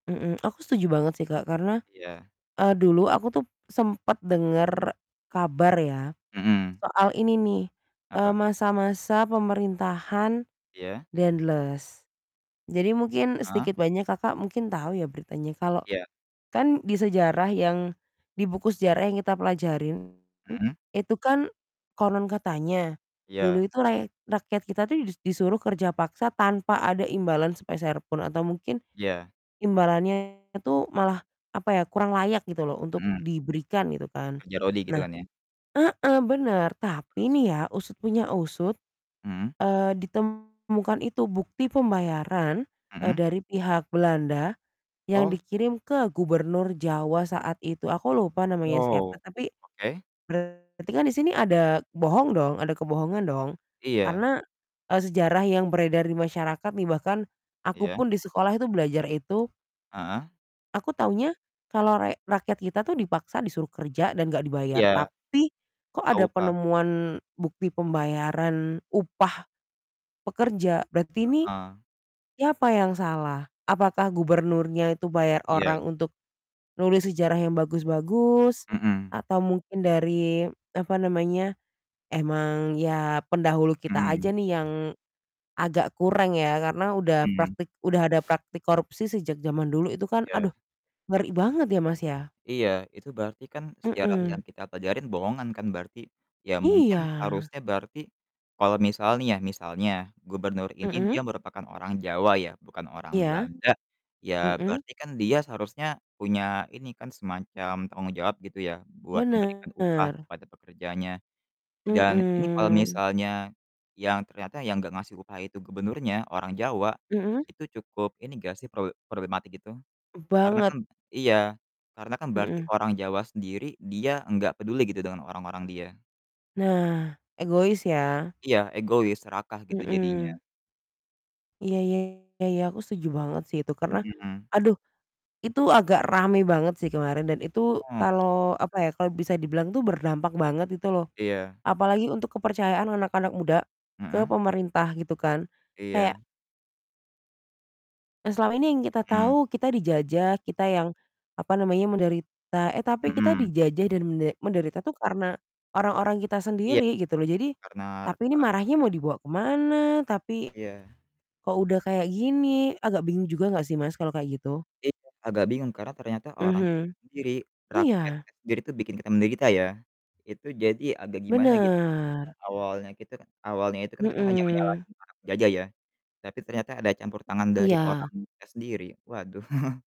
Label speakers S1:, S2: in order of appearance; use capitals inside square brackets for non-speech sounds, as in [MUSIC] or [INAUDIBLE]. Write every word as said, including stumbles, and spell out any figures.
S1: Mhm, aku setuju banget sih, Kak, karena,
S2: Iya.
S1: eee, dulu aku tuh sempet denger kabar ya
S2: Mhm.
S1: soal ini nih, eee,
S2: Apa?
S1: masa-masa pemerintahan
S2: Iya.
S1: Daendels. Jadi mungkin
S2: Ah.
S1: sedikit banyak Kakak mungkin tahu ya beritanya kalau
S2: Iya.
S1: kan di sejarah yang di buku sejarah yang kita pelajarin
S2: Mhm.
S1: itu kan konon katanya dulu
S2: Iya.
S1: itu rayek rakyat kita tuh dis disuruh kerja paksa tanpa ada imbalan sepeser pun atau mungkin
S2: Iya.
S1: imbalannya itu malah apa ya, kurang layak gitu loh untuk
S2: Mhm.
S1: diberikan gitu kan.
S2: Kerja rodi gitu
S1: Nah
S2: kan ya.
S1: heeh, bener tapi
S2: Terus?
S1: nih ya usut punya usut,
S2: Mmm.
S1: eee, ditemukan itu bukti pembayaran, eee,
S2: Mhm.
S1: dari pihak Belanda yang
S2: Oh.
S1: dikirim ke Gubernur Jawa saat itu aku lupa namanya siapa,
S2: Oh,
S1: tapi
S2: oke.
S1: Berarti kan di sini ada bohong dong, ada kebohongan dong
S2: Iya.
S1: karena, eee, sejarah yang beredar di masyarakat nih bahkan aku
S2: Iya.
S1: pun di sekolah itu belajar itu
S2: Heeh.
S1: aku tahunya kalau rek rakyat kita tuh dipaksa disuruh kerja dan enggak dibayar.
S2: Iya.
S1: Tapi kok
S2: Eee,
S1: ada
S2: upah.
S1: penemuan bukti pembayaran upah pekerja, berarti ini
S2: Heeh.
S1: siapa yang salah? Apakah gubernurnya itu bayar
S2: Iya.
S1: orang untuk nulis sejarah yang bagus-bagus
S2: Mhm.
S1: atau mungkin dari apa namanya, emang ya pendahulu kita aja
S2: Mmm.
S1: nih yang agak kureng ya karena udah
S2: Mmm.
S1: praktik udah ada praktik korupsi sejak zaman dulu itu kan.
S2: Ya.
S1: Aduh ngeri banget ya, Mas, ya.
S2: Iya, itu berarti kan sejarah
S1: Mhm.
S2: yang kita pelajarin bohongan kan berarti, ya mungkin
S1: Iya.
S2: harusnya berarti kalau misal nih ya, misalnya, gubernur ini dia
S1: Mhm.
S2: merupakan orang Jawa ya, bukan orang
S1: Iya.
S2: Belanda, ya
S1: Mhm.
S2: berarti kan dia seharusnya punya ini kan semacam tanggung jawab gitu ya buat memberikan upah
S1: Bener.
S2: kepada pekerjanya. Dan ini kalau
S1: Mhm.
S2: misalnya yang ternyata yang nggak ngasih upah itu gubernurnya, orang Jawa,
S1: Mhm.
S2: itu cukup ini nggak sih prowe problematik itu? Karena
S1: Banget.
S2: kan iya, karena kan berarti
S1: Mhm.
S2: orang Jawa sendiri, dia enggak peduli gitu dengan orang-orang dia.
S1: Nah, egois ya.
S2: Iya, egois, serakah gitu
S1: Mhm.
S2: jadinya.
S1: Iya iya iya iya, aku setuju banget sih itu karena
S2: Mhm.
S1: aduh, itu agak rame banget sih kemarin dan itu
S2: Mmm.
S1: kalau apa ya, kalau bisa dibilang tuh berdampak banget itu loh.
S2: Iya.
S1: Apalagi untuk kepercayaan anak-anak muda ke
S2: Mhm.
S1: pemerintah gitu kan. Kayak
S2: Iya.
S1: yang selama ini yang kita
S2: Mmm.
S1: tahu kita dijajah, kita yang apa namanya, menderita. Eh, tapi kita
S2: Mhm.
S1: dijajah dan mende menderita tuh karena orang-orang kita
S2: Iya,
S1: sendiri gitu loh. Jadi
S2: karnar
S1: tapi ini
S2: orang
S1: marahnya
S2: sendiri.
S1: mau dibawa ke mana? Tapi,
S2: Iya.
S1: kok udah kayak gini, agak bingung juga enggak sih Mas, kalau kayak gitu?
S2: Iya, agak bingung karena ternyata orang kita
S1: Mhm.
S2: sendiri,
S1: Iya.
S2: rakyatnya sendiri itu bikin kita menderita ya, itu jadi agak gimana gitu.
S1: Bener.
S2: Yang awalnya kita kan awalnya itu kan kita hanya
S1: Mhm.
S2: menyalahin para penjajah ya. Tapi ternyata ada campur tangan dari orang
S1: Iya.
S2: kita sendiri, waduh. [CHUCKLES]